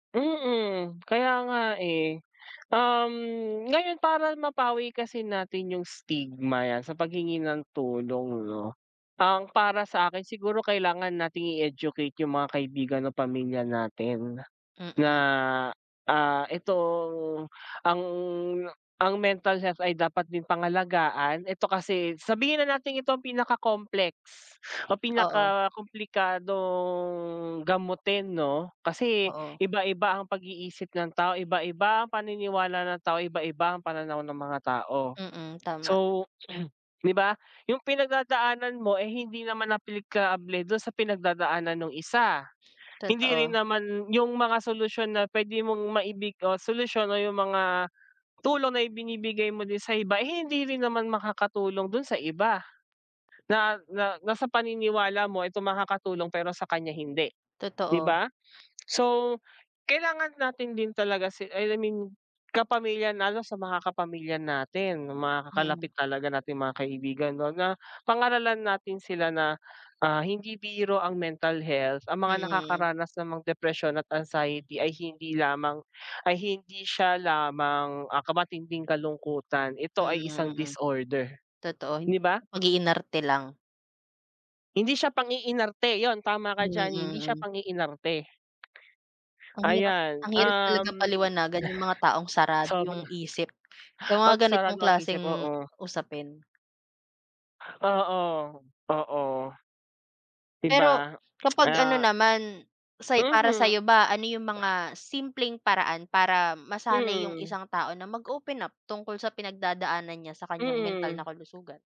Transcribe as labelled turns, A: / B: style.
A: Mm, kaya nga, eh. Um, ngayon para mapawi kasi natin 'yung stigma 'yan sa paghingi ng tulong, 'no. Ang para sa akin siguro kailangan nating i-educate 'yung mga kaibigan ng pamilya natin, na,
B: Mm.
A: ah, itong ang ang mental health ay dapat din pangalagaan ito kasi sabihin na nating ito ang pinaka-complex o
B: Oo.
A: pinakakomplikadong gamutin 'no, kasi
B: Oo.
A: iba-iba ang pag-iisip ng tao, iba-iba ang paniniwala ng tao, iba-iba ang pananaw ng mga tao.
B: Mm, tama.
A: So, di ba, 'yung pinagdadaanan mo, eh, hindi naman aplikable do'n sa pinagdadaanan nung isa. Hindi rin
B: Totoo.
A: naman 'yung mga solusyon na puwede mong maibig o solusyon o 'yung mga tulong na ibinibigay mo din sa iba, eh, hindi rin naman makakatulong do'n sa iba. Na na nasa paniniwala mo itong makakatulong pero sa kaniya hindi, di
B: Totoo.
A: ba? So kailangan natin din talaga sil I mean kapamilya lalo sa mga kapamilya natin mga
B: Mm.
A: kalapit talaga nating mga kaibigan, kumbaga, pangaralan natin sila na, ah, hindi biro ang mental health, ang mga
B: Mm.
A: nakakaranas ng mga depresyon at anxiety ay hindi lamang ay hindi siya lamang, ah, ka matinding kalungkutan, ito ay
B: Mm,
A: isang
B: mm.
A: disorder,
B: Totoo, hin
A: di ba?
B: sa pag-iinarte lang.
A: Hindi siya pang-iinarte 'yun, tama ka
B: Hmm,
A: diyan, hindi siya
B: mm.
A: pang-iinarte.
B: Ang hirap
A: Ayan,
B: ang hirap talaga
A: um.
B: paliwanagan 'yung mga taong sarado
A: Sobra.
B: 'yung isip sa
A: Pag
B: mga ganitong
A: sarado ang isip,
B: klaseng
A: oo.
B: usapin.
A: Oo, oo. Di
B: Pero
A: ba,
B: kapag ano
A: ah.
B: naman say para
A: Mhm.
B: sayo ba ano 'yung mga simpleng paraan para masanay 'yung
A: Mm.
B: isang tao na mag-open up tungkol sa pinagdadaanan niya sa kaniyang mental
A: Mm.
B: na kalusugan?